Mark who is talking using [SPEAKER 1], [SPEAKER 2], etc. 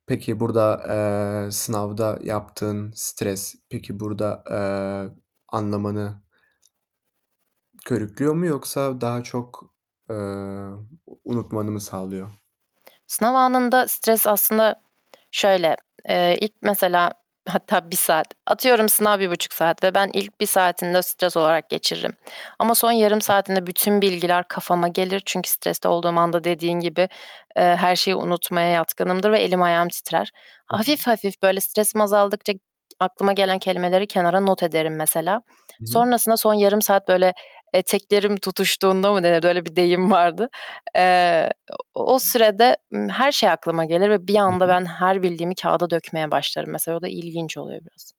[SPEAKER 1] Peki, burda, eee, sınavda yaptığın stres, peki burda, eee, anlamanı körüklüyor mu yoksa daha çok, eee, u unutmanı mı sağlıyor?
[SPEAKER 2] Sınav anında stres aslında şöyle, eee, ilk mesela Hatta 1 saat, atıyorum, sınav 1,5 saat ve ben ilk 1 saatini de stres olarak geçiririm ama son yarım saatinde bütün bilgiler kafama gelir. Çünkü streste olduğum anda dediğin gibi, eee, her şeyi unutmaya yatkınımdır ve elim ayağım titrer. Hafif hafif böyle stresim azaldıkça aklıma gelen kelimeleri kenara not ederim mesela.
[SPEAKER 1] Hı hı.
[SPEAKER 2] Sonrasında son yarım saat böyle eteklerim tutuştuğunda mı denir, öyle bir deyim vardı. Eee, o o sürede, ımm, her şey aklıma gelir ve bir
[SPEAKER 1] Hı
[SPEAKER 2] anda
[SPEAKER 1] hı.
[SPEAKER 2] ben her bildiğimi kâğıda dökmeye başlarım mesela. O da ilginç oluyor biraz.